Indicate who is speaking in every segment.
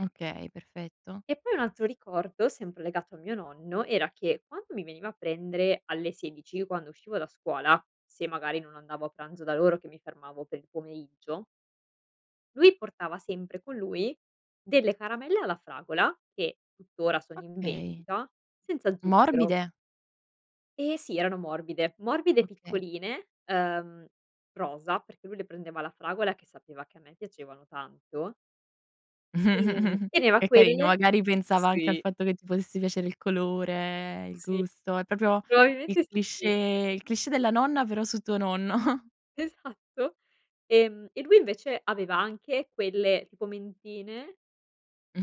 Speaker 1: Okay, perfetto.
Speaker 2: E poi un altro ricordo, sempre legato a mio nonno, era che quando mi veniva a prendere alle 16, quando uscivo da scuola, se magari non andavo a pranzo da loro che mi fermavo per il pomeriggio lui portava sempre con lui delle caramelle alla fragola che, tuttora sono in
Speaker 1: Okay.
Speaker 2: vendita senza zucchero.
Speaker 1: Morbide?
Speaker 2: Ehm, sì, erano morbide, morbide
Speaker 1: Okay.
Speaker 2: piccoline, ehm, rosa, perché lui le prendeva alla fragola che sapeva che a me piacevano tanto. Ehm, teneva
Speaker 1: È carino,
Speaker 2: quelle
Speaker 1: magari pensava anche al
Speaker 2: sì.
Speaker 1: fatto che ti potesse piacere il colore, il
Speaker 2: Sì,
Speaker 1: gusto, è proprio il
Speaker 2: probabilmente
Speaker 1: cliché
Speaker 2: sì.
Speaker 1: il cliché della nonna però su tuo nonno.
Speaker 2: Esatto. Ehm, e lui invece aveva anche quelle tipo mentine,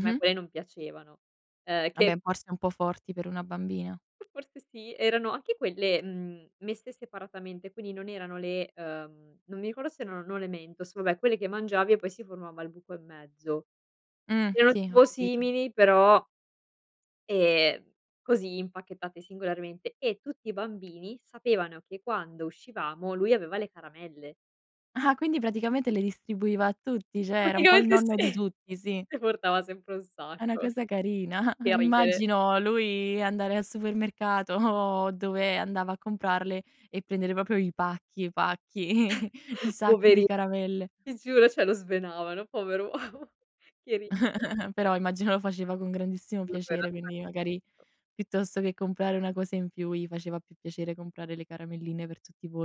Speaker 2: me poi non piacevano, ehm,
Speaker 1: Ah
Speaker 2: che
Speaker 1: beh forse un po' forti per una bambina.
Speaker 2: Forse sì, erano anche quelle, mhmm, messe separatamente, quindi non erano le, uhm, non mi ricordo se erano, no, le mentos, vabbè quelle che mangiavi e poi si formava al buco in mezzo.
Speaker 1: Mh.
Speaker 2: Erano
Speaker 1: Sì, ho
Speaker 2: tipo
Speaker 1: capito.
Speaker 2: simili però ehm, così impacchettate singolarmente e tutti i bambini sapevano che quando uscivamo lui aveva le caramelle.
Speaker 1: Ah quindi praticamente le distribuiva a tutti, cioè era un po' il
Speaker 2: Praticamente sì.
Speaker 1: nonno di tutti, sì.
Speaker 2: Ne portava sempre un
Speaker 1: È una
Speaker 2: sacco.
Speaker 1: cosa carina,
Speaker 2: Che ridere.
Speaker 1: immagino lui andare al supermercato o dove andava a comprarle e prendere proprio i pacchi i pacchi, i sacchi di
Speaker 2: Poverin
Speaker 1: caramelle.
Speaker 2: Ti giuro cioè lo svenavano pover uomo. Che rid
Speaker 1: Però immagino lo faceva con grandissimo piacere, quindi magari
Speaker 2: [unintelligible]
Speaker 1: piuttosto che comprare una cosa in più gli faceva più piacere comprare le caramelline per tutti voi.